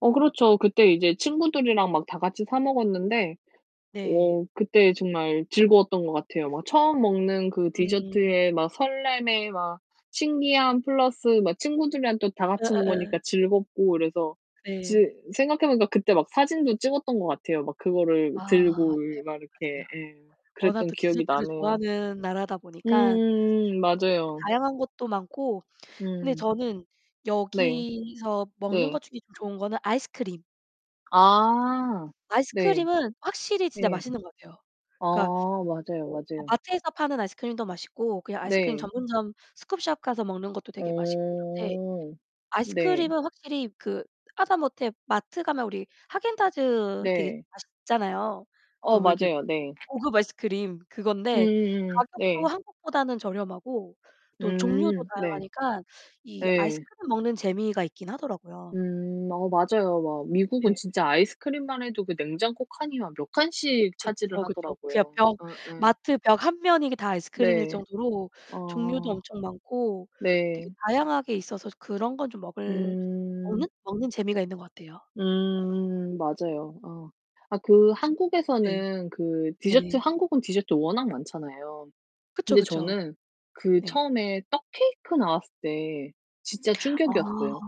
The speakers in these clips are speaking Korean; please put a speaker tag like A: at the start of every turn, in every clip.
A: 어 그렇죠. 그때 이제 친구들이랑 막 다 같이 사 먹었는데.
B: 네.
A: 어 그때 정말 즐거웠던 것 같아요. 막 처음 먹는 그
B: 음.
A: 디저트에 막 설렘에 막 신기함 플러스 막 친구들이랑 또 다 같이
B: 어어어.
A: 먹으니까 즐겁고 그래서 지
B: 네.
A: 생각해 보니까 그때 막 사진도 찍었던 것 같아요. 막 그거를
B: 아 맞네요
A: 들고 이 막
B: 맞아요.
A: 이렇게 예
B: 워낙
A: 그랬던
B: 또
A: 기억이
B: 디저트를
A: 나네요.
B: 좋아하는 나라다 보니까
A: 음
B: 네 되게
A: 맞아요.
B: 다양한 것도 많고 근데
A: 음.
B: 저는
A: 네.
B: 여기서 먹는
A: 네.
B: 것 중에 좋은 거는 아이스크림.
A: 아 네.
B: 아이스크림은 확실히 진짜
A: 네.
B: 맛있는 것 같아요.
A: 아
B: 그러니까
A: 맞아요,
B: 뭐
A: 맞아요.
B: 마트에서 파는 아이스크림도 맛있고 그냥 아이스크림
A: 네.
B: 전문점 scoop shop 가서 먹는 것도 되게 맛있고 이런데
A: 어 네.
B: 아이스크림은 확실히 그 하다못해 마트 가면 우리 하겐다즈 되게
A: 네.
B: 맛있잖아요.
A: 어
B: 또 왜 이렇게
A: 맞아요. 네.
B: 고급 아이스크림 그건데
A: 음음
B: 가격도
A: 네.
B: 한국보다는 저렴하고 또 종류도
A: 음 네.
B: 다양하니까 이
A: 예.
B: 아이스크림 먹는 재미가 있긴 하더라고요.
A: 음 어 맞아요. 막 미국은
B: 네.
A: 진짜 아이스크림만 해도 그 냉장고 칸이 막 몇 칸씩 차지를
B: 그쵸, 그쵸. 그야
A: 하더라고요.
B: 벽
A: 아 예.
B: 마트 벽 한 면이 다 아이스크림일
A: 네.
B: 정도로 종류도
A: 어.
B: 엄청 많고 되게
A: 네.
B: 다양하게 있어서 그런 건 좀 먹을 먹는,
A: 음.
B: 먹는 재미가 있는 것 같아요.
A: 음 맞아요. 아 아 그
B: 네.
A: 한국에서는 그 디저트
B: 네네.
A: 한국은 디저트 워낙 많잖아요.
B: 그쵸,
A: 근데
B: 그쵸.
A: 저는 그
B: 네.
A: 처음에 떡케이크 나왔을 때 진짜
B: 아.
A: 충격이었어요.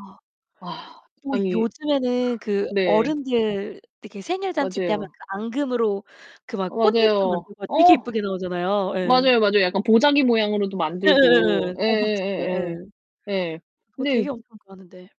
A: 아
B: 뭐
A: 아니
B: 요즘에는 그
A: 네.
B: 어른들 이렇게 생일잔치 때 막
A: 맞아요.
B: 그 앙금으로 그 막 꽃잎도
A: 맞아요.
B: 만들고 되게
A: 어.
B: 이쁘게 나오잖아요. 예.
A: 맞아요 맞아요. 약간 보자기 모양으로도 만들고
B: 예예예예. 고급지게 예.
A: 예예예예. 예.
B: 그거
A: 근데
B: 되게
A: 그
B: 엄청 좋았는데.